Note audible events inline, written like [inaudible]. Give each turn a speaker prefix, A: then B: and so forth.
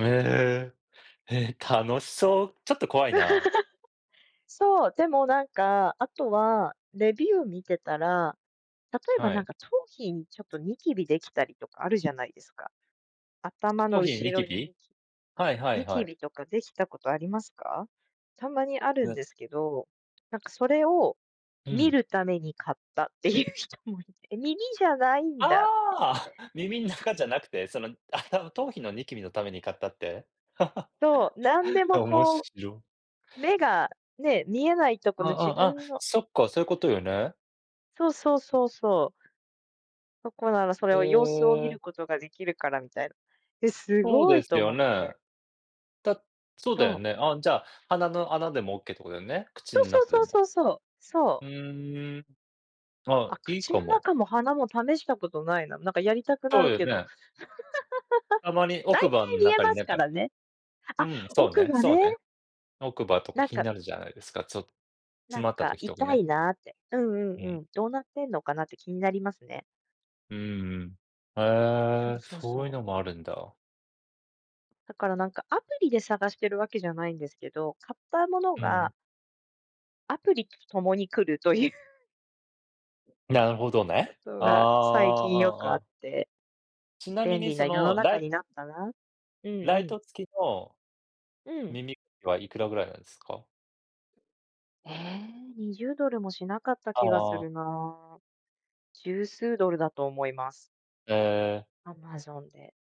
A: へえ。へえ、楽しそう。ちょっと怖いな。
B: [chuckles] そう、でもなんか、あとは、レビュー見てたら、例えば
A: は
B: なん
A: い。
B: か頭皮にちょっとニキビできたりとかあるじゃないですか。頭の
A: 頭皮に
B: 後
A: ニキ
B: ろにニ
A: ビ？
B: キ
A: はいは
B: ニ
A: い
B: キ
A: は
B: ビ
A: い。
B: とかできたことありますか？たまにあるん
A: め
B: ですけど、なんかそれを
A: う
B: 見
A: ん。
B: るために買ったっていう人もいて、耳じゃないんだっていう。
A: ああ、耳ん中じゃなくて、その頭頭皮のニキビのために買ったって。
B: そう、なんでも
A: [laughs] おも
B: こ
A: し
B: う
A: ろ。
B: 目がね、見えないとこ
A: あ
B: の
A: あ
B: 自
A: ああああ、
B: 分の
A: そっか、そういうことよね。
B: そうそうそうそう。そこならそれ
A: え
B: を様子を見る
A: え。
B: ことができるからみたいな。え、す
A: そう
B: ご
A: で
B: い
A: す
B: と
A: よ
B: 思って。
A: ね。だそうだよ
B: そう。
A: ね。あ、じゃ、鼻の穴でもオッケーってことだよね、口
B: そう
A: ん
B: そう
A: 中で
B: そう
A: も。
B: そうそう。そう。
A: うーん。ああ、
B: あ、
A: いい
B: 口
A: か
B: の
A: も。
B: 中も鼻も試したことないな。なんかやりたくな
A: そう
B: る
A: よ
B: けど。
A: ね。
B: [laughs]
A: たまに
B: 大
A: 奥歯の
B: 体見え
A: 中
B: ま
A: に
B: す
A: なん
B: か
A: か
B: らね。
A: う
B: あ、
A: ん、そう
B: 奥
A: ね。
B: 歯
A: そう
B: ね。
A: ね。奥歯と
B: な
A: か
B: ん
A: 気に
B: か
A: なるじゃないですか、ちょ詰
B: なん
A: まった
B: か
A: 時とか
B: 痛
A: ね。
B: いなって、うん
A: う
B: うんう
A: ん。
B: ん、どうなってんのかなって気になりますね。
A: うん。へ
B: そう
A: え、
B: そう
A: そうい
B: そ
A: う
B: う。
A: のもあるんだ。
B: だからなんか、アプリで探してるわけじゃないんですけど、買ったもの
A: うん。
B: がアプリと共に来るという
A: なるほど
B: こ
A: ね。
B: と
A: ああ、
B: が最近よ
A: あ
B: く
A: あ
B: あ
A: あ
B: っ
A: あ。
B: て。
A: ちなみ
B: 便
A: に
B: 利な
A: そ
B: 世の
A: の、ラ
B: 中
A: イ
B: になったな。うんう
A: ライ
B: ん。
A: ト付きの
B: うん。
A: 耳かきはいくらぐらいなんですか？
B: ええ、20ドルもしなかった気がす
A: ああ。
B: るな。10数ドルだと思います。
A: ええ。
B: Amazon で。